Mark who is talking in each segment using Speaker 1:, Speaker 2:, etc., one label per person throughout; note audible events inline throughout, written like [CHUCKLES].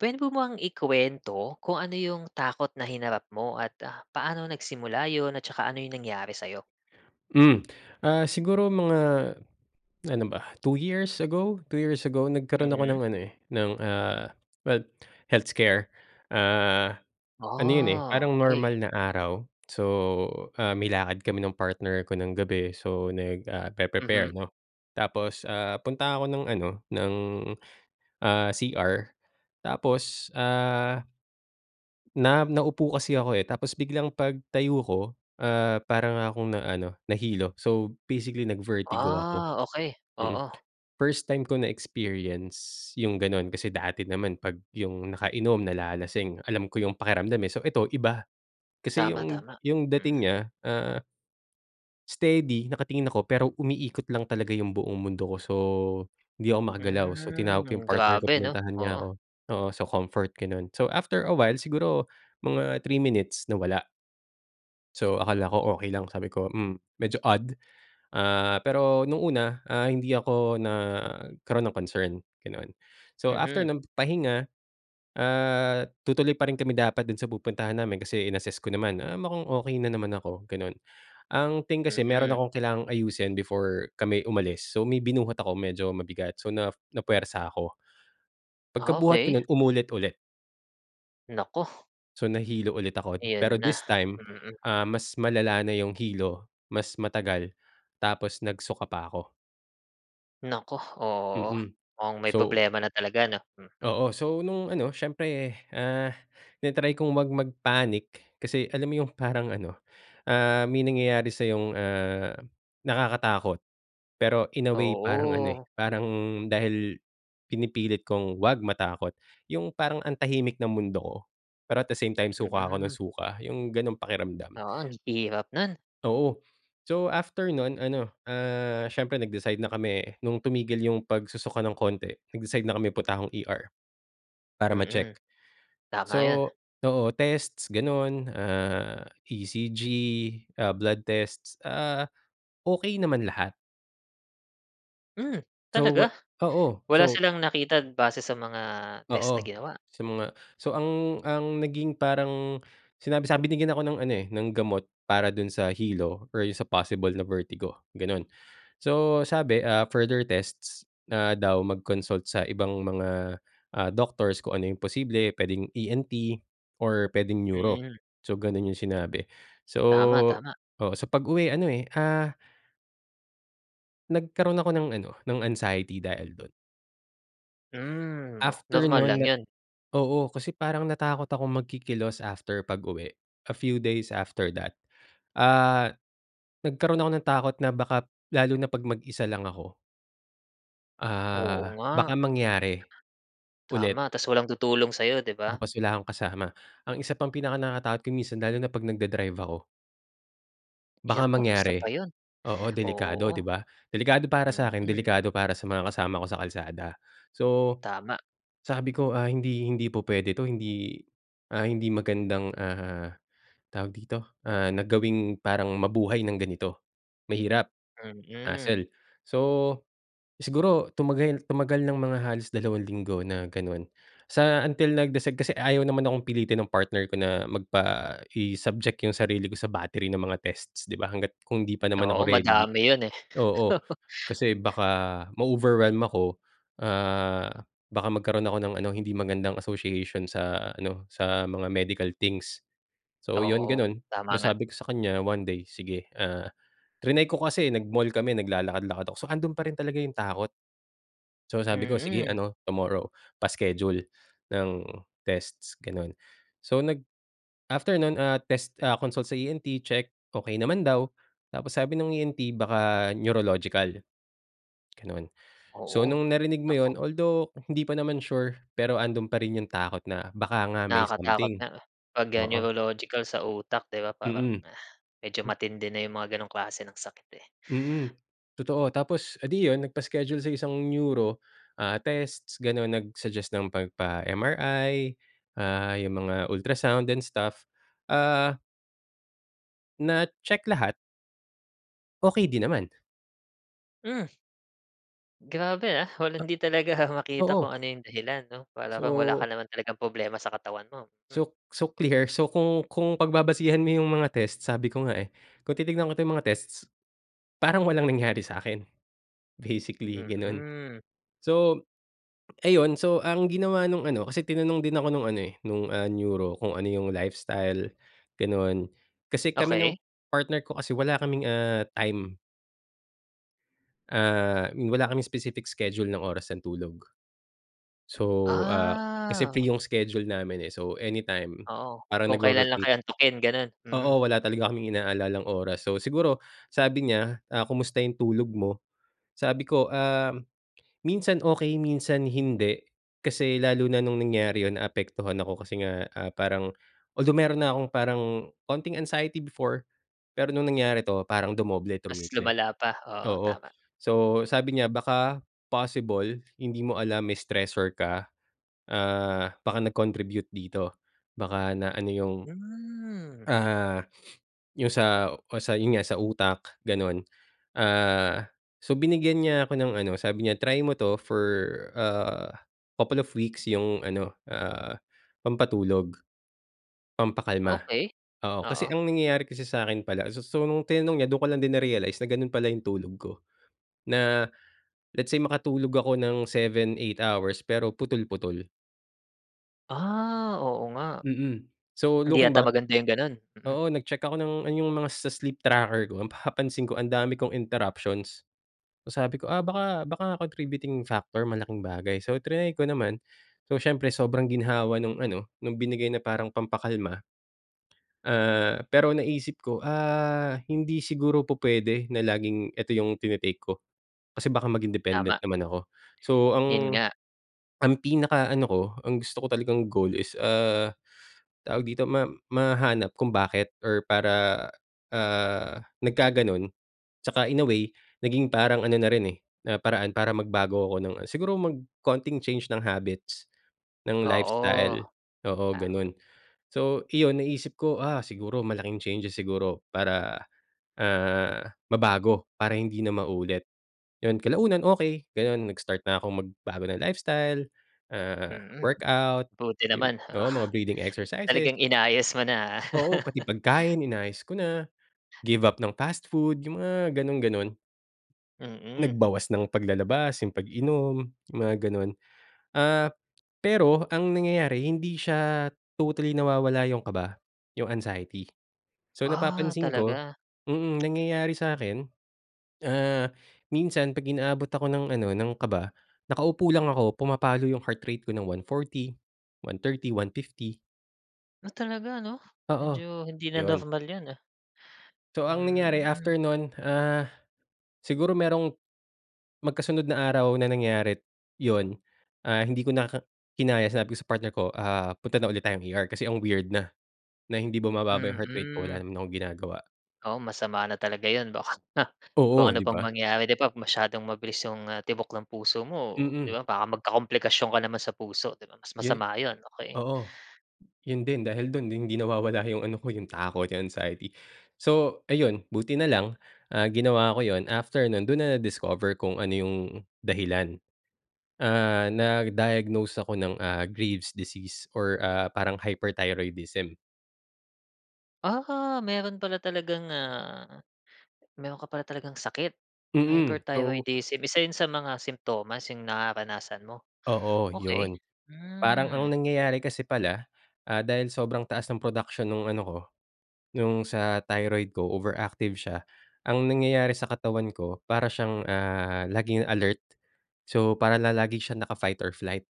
Speaker 1: Puwede po mo bang ikuwento, kung ano yung takot na hinarap mo at, ah, paano nagsimula 'yon at saka ano yung nangyari sa'yo?
Speaker 2: Hmm, ah, siguro mga ano ba, 2 years ago? 2 years ago nagkaroon ako
Speaker 1: Mhm.
Speaker 2: ng ano, eh, ng, ah, heal health scare. Ah, ano 'yon, eh,
Speaker 1: Ah,
Speaker 2: parang
Speaker 1: okey.
Speaker 2: normal na araw, so, ah, may lakad kami ng partner ko ng gabi, so, nag ah,
Speaker 1: Mhm.
Speaker 2: pe-pre-prepare, 'no? Tapos, ah, punta ako ng ano, ng, ah, CR tapos, ah, na naupo kasi ako, eh, tapos biglang pagtayo ko, ah, para nga akong na, ano, nahilo. So, basically, nag-vertigo ako,
Speaker 1: Ah, okey.
Speaker 2: mm.
Speaker 1: Oo.
Speaker 2: First time ko na experience yung gano'n. Kasi dati naman, pag yung nakainom, nalalasing, alam ko yung pakiramdam, eh. So, eto, iba kasi,
Speaker 1: Tama,
Speaker 2: yung,
Speaker 1: tama.
Speaker 2: yung
Speaker 1: Mhm.
Speaker 2: dating niya, ah, steady nakatingin ako pero, umiikot lang talaga yung buong mundo ko. So, hindi ako makagalaw, so tinawag ko yung
Speaker 1: Hmm,
Speaker 2: partner ko,
Speaker 1: grabe 'no?
Speaker 2: pinuntahan niya
Speaker 1: Oo.
Speaker 2: ko. Oo, so comfort, gano'n. So, after a while siguro, mga 3 minutes nawala. So akala ko okey lang sabi ko "Hmm medyo odd" ah, pero nung una ah, hindi ako nagkaroon ng concern ganon. So after
Speaker 1: Mhm.
Speaker 2: ng pahinga, ah, tutuloy pa rin kami dapat dun sa pupuntahan namin kasi in-assess ko naman ah, mukhang okey na naman ako ganon ang thing kasi meron
Speaker 1: Mm.
Speaker 2: akong kailangang ayusin before kami umalis so may binuhat ako medyo mabigat so na na-pwersa ako
Speaker 1: Ah,
Speaker 2: pagka-buhat ko
Speaker 1: okey
Speaker 2: nun umulit ulit.
Speaker 1: Naku.
Speaker 2: So nahilo ulit ako,
Speaker 1: Ayan
Speaker 2: pero
Speaker 1: na,
Speaker 2: this time,
Speaker 1: mm.
Speaker 2: ah, mas malala na yung hilo, mas matagal, tapos nag-suka pa ako.
Speaker 1: Naku! oo,
Speaker 2: Mm.
Speaker 1: mukhang may
Speaker 2: So
Speaker 1: problema na talaga 'no hmm.
Speaker 2: Oo, so nung ano siyempre, ah, tina try kung wag mag panic, kasi alam mo yung parang ano, ah, may nangyayari sayong ah, nakakatakot. Pero in a way parang ano eh,
Speaker 1: Oo.
Speaker 2: parang dahil pinipilit kong wag matakot, yung parang ang tahimik ng mundo ko, pero at the same time suka ako ng
Speaker 1: Mm.
Speaker 2: suka yung ganong pakiramdam.
Speaker 1: Oo ang hirap non.
Speaker 2: Oo, so after non ano, ah, siyempre nag-decide na kami, nung tumigil yung pag-susuka ng konti nag-decide na kami punta akong ER. Para ma-check.
Speaker 1: Mm. Tama yun.
Speaker 2: So oo testsm ganun ah, ECG ah, blood tests, ah, okey naman lahat.
Speaker 1: Hmm
Speaker 2: So, wa
Speaker 1: talaga?
Speaker 2: oo.
Speaker 1: Wala
Speaker 2: So
Speaker 1: silang nakita base sa mga test na
Speaker 2: Oo.
Speaker 1: ginawa?
Speaker 2: Sa mga so, ang ang naging parang sinabi sabi binigyan ako ng ano, eh, ng gamot para dun sa hilo or sa possible na vertigo, ganun. So, sabi, ah, further tests na daw, mag-consult sa ibang mga, ah, doctors kung ano yung posible. Puwedeng ENT or pwedeng Neuro.
Speaker 1: Mm.
Speaker 2: So, ganun yung sinabi. So
Speaker 1: Tama, tama.
Speaker 2: oo, sa pag-uwi ano, eh, ah nagkaroon ako ng ano, ng anxiety dahil dun.
Speaker 1: Hmm. Oh,
Speaker 2: After
Speaker 1: normal lang
Speaker 2: nun na
Speaker 1: 'yon?
Speaker 2: oo, kasi parang natakot akong magkikilos after pag-uwi. A few days after that. Ah, nagkaro'n ako ng takot na baka lalo na 'pag mag-isa lang ako
Speaker 1: Oo
Speaker 2: ah, baka
Speaker 1: nga.
Speaker 2: mangyari ulit
Speaker 1: Tama. Tapos walang tutulong sa'yo, di ba?
Speaker 2: tapos wala akong kasama. Ang isa pang pinakanakatakot ko minsan lalo na 'pag nagda-drive ako baka
Speaker 1: Naku, isa
Speaker 2: mangyari.
Speaker 1: pa yun.
Speaker 2: Oo, delikado,
Speaker 1: Oo.
Speaker 2: 'di ba? Delikado para sa'kin,
Speaker 1: Mm.
Speaker 2: delikado para sa mga kasama ko sa kalsada. So,
Speaker 1: Tama.
Speaker 2: sabi ko, ah, hindi hindi pu puwede to. Hindi, ah, hindi magandang, ah, tawag dito, ah, na gawing parang mabuhay ng ganito. Mahirap.
Speaker 1: Mm.
Speaker 2: Hassle. So, siguro tumagal tumagal ng mga halos dalawang linggo na gano'n sa until nag-decide kasi ayaw naman akong pilitin ng partner ko na magpa i-subject yung sarili ko sa battery ng mga tests, 'di ba, hangga't kung 'di pa naman ako
Speaker 1: Oo,
Speaker 2: ready.
Speaker 1: madami 'yon, eh.
Speaker 2: Oo.
Speaker 1: [LAUGHS]
Speaker 2: Kasi baka ma-overwhelm ako, ah, baka magkaroon ako ng ano, hindi magandang association sa ano, sa mga medical things. So, 'yon
Speaker 1: Oo,
Speaker 2: gano'n,
Speaker 1: tama nga.
Speaker 2: nasabi ko sa kanya 1 day, sige, ah, triny ko kasi nag-mall kami, naglalakad-lakad ako saka andun pa rin talaga yung takot. So sabi ko, "Sige
Speaker 1: Mm.
Speaker 2: ano, tomorrow pa-schedule ng tests," gano'n. So, nag after nun, ah, test, ah, consult sa ENT, check, okey naman daw. Tapos sabi ng ENT baka neurological, gano'n. So,
Speaker 1: Oo,
Speaker 2: nung narinig mo yun
Speaker 1: naku.
Speaker 2: although hindi pa naman sure, pero andun pa rin yung takot na baka nga may
Speaker 1: Nakakatakot
Speaker 2: something.
Speaker 1: nga 'pag 'yan
Speaker 2: Oo.
Speaker 1: neurological sa utak, di ba? Parang
Speaker 2: Mm.
Speaker 1: medyo
Speaker 2: M
Speaker 1: matindi na yung mga gano'ng klase ng sakit, eh.
Speaker 2: Mm, totoo. Tapos edi yun nagpa-schedule sa isang Neuro, ah, tests, ganun. Nag-suggest ng 'pag pa MRI, ah, yung mga ultrasound and stuff, ah Na-check lahat. Okey din naman.
Speaker 1: Hmm. Grabe ah, wala 'di talaga
Speaker 2: A
Speaker 1: makita kung
Speaker 2: oo.
Speaker 1: ano yung dahilan 'no? Para bang wala ka
Speaker 2: So
Speaker 1: naman talagang problema sa katawan mo. Hmm.
Speaker 2: so so clear so kung kung pagbabasihan mo yung mga test sabi ko nga eh, kung titignan ko yung mga tests, parang walang nangyari sakin, basically ganon.
Speaker 1: Mm.
Speaker 2: So, ayun, so ang ginawa nung ano, kasi tinanong din ako nung ano eh, nung ah, neuro kung ano yung lifestyle, ganon, kasi kami ng,
Speaker 1: Okey.
Speaker 2: partner ko kasi wala kaming ah, time. ah, ni wala kaming specific schedule ng oras ng tulog. So, ah, kasi
Speaker 1: Ah.
Speaker 2: free yung schedule namin eh, so anytime,
Speaker 1: Oo,
Speaker 2: parang
Speaker 1: kung kailan lang
Speaker 2: nagro-rotate
Speaker 1: kayo antukin ganun? Mm.
Speaker 2: oo wala talaga kaming inaalalang oras so siguro sabi niya, "Ah, kumusta yung tulog mo?" Sabi ko ah, "Minsan okey, minsan hindi" Kasi lalo na nung nangyari 'yon naapektuhan ako kasi nga ah, parang although meron na 'kong parang konting anxiety before. Pero no'ng nangyari 'to, parang dumoble,
Speaker 1: Mas
Speaker 2: trumiple
Speaker 1: lumala pa, oo
Speaker 2: oo,
Speaker 1: tama.
Speaker 2: so sabi niya baka possible hindi mo alam may stressor ka, ah baka nag-contribute dito, baka na ano 'yong,
Speaker 1: Hmm.
Speaker 2: ah, yung sa o sa yun nga sa utak, ganon. Ah, so binigyan niya ako ng ano, sabi niya try mo 'to for ah, couple of weeks yung ano, ah, pampatulog, pampakalma.
Speaker 1: Okey,
Speaker 2: Oo kasi
Speaker 1: oo.
Speaker 2: ang nangyayari kasi sa'kin pala so so nung tinanong niya dun ko lang din na-realize na ganun pala yung tulog ko, na, let's say makatulog ako ng 7, 8 hours pero putol-putol.
Speaker 1: Ah, oo nga.
Speaker 2: Mm, so
Speaker 1: Hindi
Speaker 2: looking
Speaker 1: yata
Speaker 2: back
Speaker 1: maganda yung gano'n, mhm.
Speaker 2: oo, nag-check ako ng ano yung mga sa sleep tracker ko ang napapansin ko ang dami kong interruptions. So, sabi ko, "Ah, baka baka contributing factor malaking bagay" So, triny ko naman, so, siyempre sobrang ginhawa nung ano, nung binigay na parang pampa-kalma, ah, pero naisip ko, ah, hindi siguro pupwede na laging ito yung tine-take ko kasi, baka maging dependent
Speaker 1: Tama.
Speaker 2: naman ako so,
Speaker 1: 'Yon
Speaker 2: ang
Speaker 1: nga.
Speaker 2: ang pinaka-ano ko ang gusto ko talagang goal is, ah, tawag dito ma mahanap kung bakit or para, ah, nagkaganon 'tsaka in a way, naging parang ano na rin eh, na paraan para magbago ako ng siguro konting change ng habits, ng
Speaker 1: Oo.
Speaker 2: lifestyle, oo
Speaker 1: Tama.
Speaker 2: gano'n. So, iyon, naisip ko "Ah, siguro malaking changes siguro para, ah, mabago para hindi na maulit." 'Yon kalaunan okey gano'n, nag-start na akong magbago ng lifestyle, ah,
Speaker 1: Mm.
Speaker 2: workout
Speaker 1: Buti
Speaker 2: yung
Speaker 1: naman
Speaker 2: oo mga
Speaker 1: [CHUCKLES]
Speaker 2: breathing exercises.
Speaker 1: talagang inayos mo na, ah.
Speaker 2: Oo, pati
Speaker 1: [CHUCKLES]
Speaker 2: pagkain inayos ko na, give up ng fast food yung mga ganong-ganon.
Speaker 1: Mm.
Speaker 2: Nag-bawas ng paglalabas yung pag-inom, yung mga ganon. Ah, pero ang nangyayari hindi siya totally nawawala yung kaba, yung anxiety. So
Speaker 1: Ah,
Speaker 2: napapansin ko
Speaker 1: talaga?
Speaker 2: mm, nangyayari sa akin, ah, minsan pag inaabot ako ng ano, ng kaba, nakaupo lang ako, pumapalo yung heart rate ko ng 140, 130, 150
Speaker 1: Ah, talaga ano,
Speaker 2: Oo.
Speaker 1: medyo hindi na
Speaker 2: Yun.
Speaker 1: normal 'yan ah.
Speaker 2: So ang nangyari
Speaker 1: Hmm.
Speaker 2: after non ah, siguro merong, magkasunod na araw na nangyari, yun, ah, hindi ko na ka kinaya sinabi ko sa partner ko ah, punta na ulit tayong ER kasi ang weird na, na hindi bumababa yung heart rate ko, wala
Speaker 1: Mm.
Speaker 2: naman akong ginagawa.
Speaker 1: Oo, masama na talaga 'yon, baka kung
Speaker 2: Oo.
Speaker 1: ano
Speaker 2: Di
Speaker 1: pang
Speaker 2: ba?
Speaker 1: mangyari, 'di ba? Masyadong mabilis 'yong tibok ng puso mo, 'di
Speaker 2: Mm.
Speaker 1: ba, baka magka-komplikasyon ka naman sa puso, 'di ba? Mas
Speaker 2: Yun
Speaker 1: masama 'yon, okey.
Speaker 2: oo. Yun din dahil dun hindi nawawala yung ano ko yung takot, yung anxiety. So ayun, buti na lang, ah, ginawa ko yun after non dun na na-discover kung ano yung, dahilan, ah, na-diagnose ako ng ah, grave disease or ah, parang hyperthyroidism.
Speaker 1: Ah, meron pala talagang ah, meron ka pala talagang sakit.
Speaker 2: Mm, so
Speaker 1: Hyperthyroidism isa yun sa mga simtomas 'yong nararanasan mo?
Speaker 2: Oo,
Speaker 1: Okey.
Speaker 2: yun. Parang
Speaker 1: Hmm.
Speaker 2: ang nangyayari kasi pala, ah, dahil sobrang taas ng production nung ano ko, nung sa thyroid ko overactive siya, ang nangyayari sa katawan ko, para siyang ah, laging alert. So para na lagi siyang naka-fighter flight.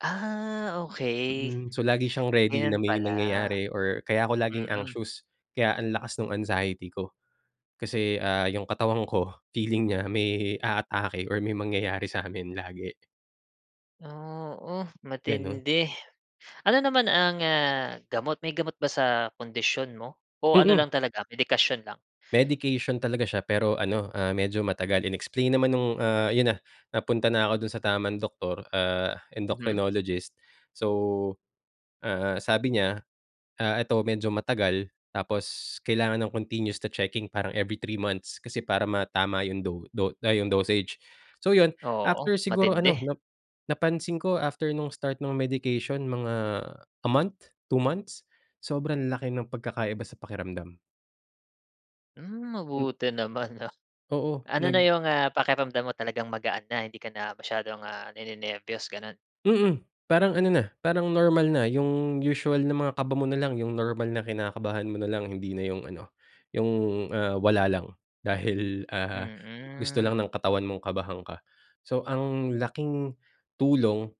Speaker 1: Ah, okey,
Speaker 2: Hmm, so lagi siyang ready na
Speaker 1: ganun pala.
Speaker 2: may nangyayari or kaya ako laging
Speaker 1: Mm.
Speaker 2: anxious, kaya ang lakas nung anxiety ko. Kasi ah, yung katawan ko, feeling niya may aatake or may mangyayari samin lagi.
Speaker 1: Oo
Speaker 2: Ganun.
Speaker 1: matindi. Ano naman ang ah, gamot, may gamot ba sa kondisyon mo? O ano
Speaker 2: Mm.
Speaker 1: lang talaga medikasyon lang?
Speaker 2: Medication talaga siya pero ano ah, medyo matagal in-explain naman nung ah, 'yon na napunta na ako dun sa tamang doctor ah,
Speaker 1: Mhm.
Speaker 2: endocrinologist, so, ah, sabi niya ah, ito medyo matagal, tapos kailangan ng continues to checking, parang every 3 months kasi para matama 'yong do do ah, yung dosage, so 'yon,
Speaker 1: Oo,
Speaker 2: after siguro
Speaker 1: matindi.
Speaker 2: ano na napansin ko after nung start nung medication mga a month? 2 months? Sobrang laki ng pagkakaiba sa pakiramdam.
Speaker 1: Hmm
Speaker 2: Hmm.
Speaker 1: mabuti naman 'no,
Speaker 2: Oo
Speaker 1: ano na
Speaker 2: nag
Speaker 1: 'yong ah, pakiramdam mo talagang magaan na hindi ka na masyadong ah, ni-nenerbiyos ganun?
Speaker 2: Mm. Parang ano na, parang normal na yung usual na mga kaba mo na lang yung normal na kinakabahan mo na lang hindi na yung ano, yung, ah, wala lang, dahil ah, gusto lang
Speaker 1: Mm.
Speaker 2: ng katawan mong kabahan ka. So, ang laking, tulong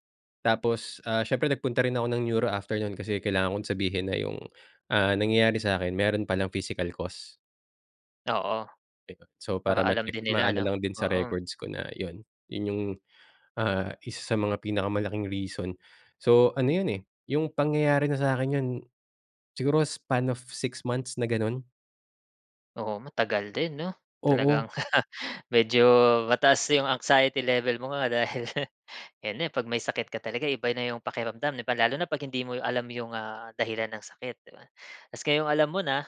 Speaker 2: tapos, ah, siyempre nagpunta rin ako ng neuro after no'n, kasi kailangan kong sabihin na yung, ah, nangyayari sa akin meron palang physical cost.
Speaker 1: Oo.
Speaker 2: 'Di ba, so
Speaker 1: Para
Speaker 2: para
Speaker 1: alam
Speaker 2: ma-check
Speaker 1: din nila
Speaker 2: maano
Speaker 1: 'no?
Speaker 2: lang din sa
Speaker 1: Oo.
Speaker 2: records ko na yun, yun yung, ah, isa sa mga pinaka-malaking reason. So, ano yun eh, yung pangyayari na sa akin yun, siguro span of 6 months na ganon.
Speaker 1: Oo matagal din 'no?
Speaker 2: Oo.
Speaker 1: Talagang [CHUCKLES] medyo mataas 'yong anxiety level mo nga dahil, [CHUCKLES] ayan na 'pag may sakit ka talaga eh, iba na 'yong pakiramdam lalo na 'pag hindi mo alam 'yong ah, dahilan ng sakit, 'di ba? Tapos ngayon alam mo na,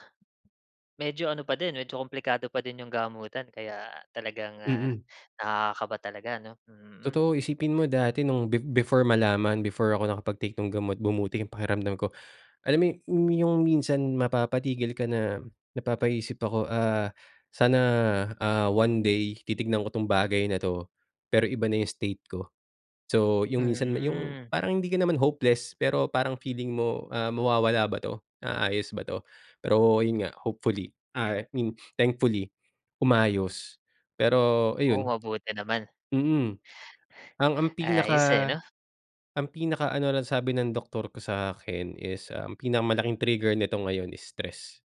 Speaker 1: medyo ano pa din, medyo kumplikado pa din 'yong gamutan kaya talagang ah,
Speaker 2: Mm.
Speaker 1: nakaka-kaba talaga 'no? Mm.
Speaker 2: Totoo, isipin mo dati nung be before malaman before ako nakapag-take ng gamot bumuti yung pakiramdam ko. Alam mo yung minsan mapapatigil ka na, napapaisip ako ah, "Sana, ah, one day titignan ko tong bagay na 'to, pero iba na 'yong state ko." So, yung minsan na yung
Speaker 1: Mm.
Speaker 2: parang hindi ka naman hopeless, pero parang feeling mo, ah, mawawala ba 'to? Naaayos ba 'to? Pero 'yon nga, hopefully, ah, I mean thankfully, umayos, pero
Speaker 1: Oh,
Speaker 2: ayun
Speaker 1: mabuti naman.
Speaker 2: mm. Ang ang
Speaker 1: Ayos eh,
Speaker 2: pinaka
Speaker 1: ano.
Speaker 2: ang pinaka-ano lang sabi ng doktor ko sa akin is ang pinaka-malaking trigger nito ngayon is stress.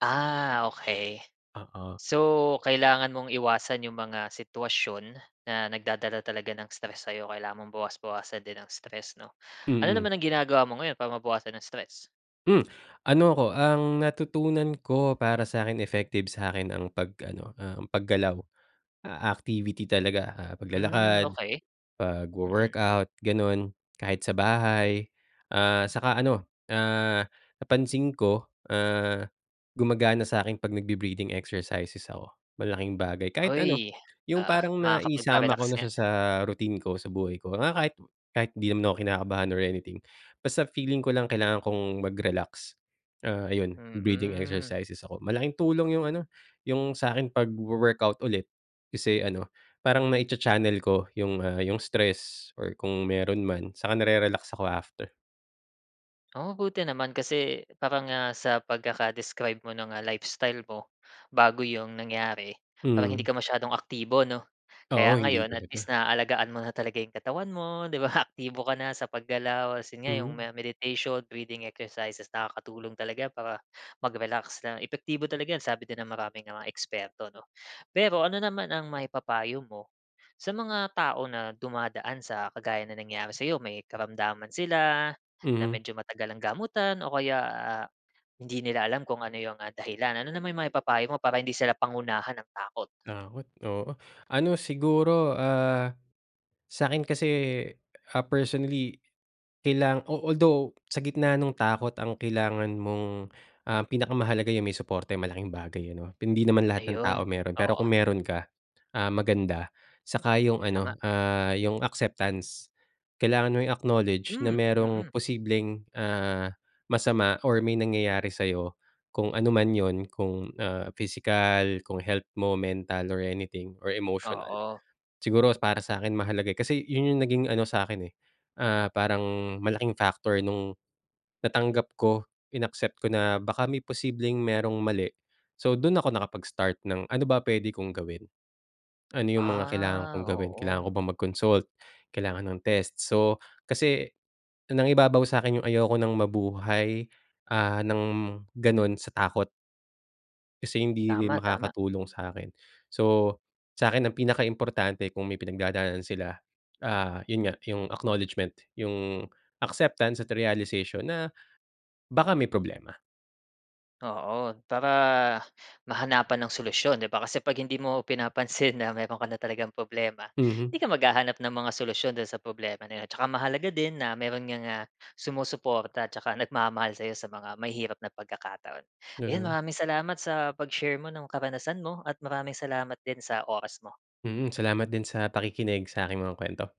Speaker 1: Ah, okey,
Speaker 2: Oo.
Speaker 1: so, kailangan mong iwasan 'yong mga sitwasyon na nagdadala talaga ng stress sayo, kailangan mong bawas-bawasan din ang stress, 'no? Ano
Speaker 2: Mhm.
Speaker 1: naman ang ginagawa mo ngayon para mabawasan ang stress?
Speaker 2: Hmm, ano ko, ang natutunan ko para sakin, effective sakin ang pag ano, um, pag-galaw. Ah, activity talaga, ah,
Speaker 1: Hmm,
Speaker 2: pag-lalakad,
Speaker 1: okey. Mm.
Speaker 2: pagwo-workout, ganun, kahit sa bahay, ah, saka ano, ah, napansin ko, ah, gumagana sakin pag nagbe-breathing exercises ako, malaking bagay,
Speaker 1: [WHOOPS]
Speaker 2: kahit ano, yung
Speaker 1: Oo,
Speaker 2: parang naisama
Speaker 1: makapagpa-relax
Speaker 2: ko na
Speaker 1: nga.
Speaker 2: siya sa routine ko, sa buhay ko, mga kahit kahit di naman ako kinakabahan or anything, basta feeling ko lang kailangan kong mag-relax, ah, ayun, breathing
Speaker 1: Hmm.
Speaker 2: exercises ako, malaking tulong yung ano, yung sakin, pagwo-workout ulit, kasi, ano, parang may cha-channel ko yung, ah, yung stress or kung meron man, saka na-rerelax ako after.
Speaker 1: Oh, buti naman kasi, parang, ah, sa pagkaka-describe mo ng, ah, lifestyle mo, bago 'yong nangyari. Parang hindi
Speaker 2: Mm.
Speaker 1: ka masyadong aktibo, 'no?
Speaker 2: Oo,
Speaker 1: Kaya
Speaker 2: hindi
Speaker 1: ngayon, at least
Speaker 2: talaga.
Speaker 1: naalagaan mo na talaga 'yong katawan mo, 'di ba? Aktibo ka na sa pag-galaw, kasi nga 'yong
Speaker 2: Mhm.
Speaker 1: meditation, breathing exercises, nakakatulong talaga para mag-relax na epektibo talaga 'yan sabi din ng maraming mga eksperto, 'no? Pero ano naman ang maipapayo mo, sa mga tao na dumadaan sa kagaya ng nangyari sayo, may karamdaman sila, na
Speaker 2: Mhm.
Speaker 1: medyo matagal ang gamutan, o kaya, ah, hindi nila alam kung ano yung, ah, dahilan, ano naman maipapayo mo para hindi sila pangunahan ng takot?
Speaker 2: Takot, oo, ano, siguro, ah, sakin kasi, ah, personally, kailang although sa gitna ng takot ang kailangan mong, ah, pinaka-mahalaga yung may suporta eh, malaking bagay yun, 'no, hindi naman lahat ng
Speaker 1: Ayun,
Speaker 2: tao meron, pero
Speaker 1: oo.
Speaker 2: kung meron ka, ah, maganda, saka yung
Speaker 1: Tama.
Speaker 2: ano, ah, yung acceptance. Kailangan mo i-acknowledge na
Speaker 1: Hmm,
Speaker 2: merong
Speaker 1: mm.
Speaker 2: posibleng, ah, masama or may nangyayari sayo, kung ano man 'yon, kung, ah, physical, kung health mo, mental, or anything, or emotional.
Speaker 1: Oo.
Speaker 2: Siguro para sakin, mahalaga, eh, kasi yun, yung naging, ano sa akin eh, ah, parang malaking factor nung, natanggap ko, inaccept ko na baka may posibleng merong mali. So, dun ako nakapag-start ng ano ba pwede kong gawin? Ano yung mga kailangan
Speaker 1: Ah,
Speaker 2: kong gawin? Kailangan
Speaker 1: oo.
Speaker 2: ko bang mag-consult? Kailangan ng test? So kasi nangibabaw sakin yung ayoko nang mabuhay, ah, ng ganun sa takot. Kasi hindi rin
Speaker 1: Tama-tama.
Speaker 2: makakatulong sakin. So, sakin ang pinaka-importante kung may pinagdadaanan sila, ah, yun nga, yung acknowledgement, yung acceptance, at realization na, baka may problema.
Speaker 1: Oo, para, mahanapan ng solusyon 'di ba, kasi 'pag hindi mo pinapansin na meron ka na talagang problema, hindi
Speaker 2: Mhm.
Speaker 1: ka mag-hahanap ng mga solusyon do'n sa problema na 'yon, tsaka mahalaga din na meron ngang, ah, sumusuporta, tsaka nag-mamahal sayo, sa mga mahihirap na pagkakataon. 'Yon,
Speaker 2: Mhm.
Speaker 1: maraming salamat sa pag-share mo ng karanasan mo, at maraming salamat din sa oras mo.
Speaker 2: Mhm, salamat din sa pakikinig sa aking mga kwento.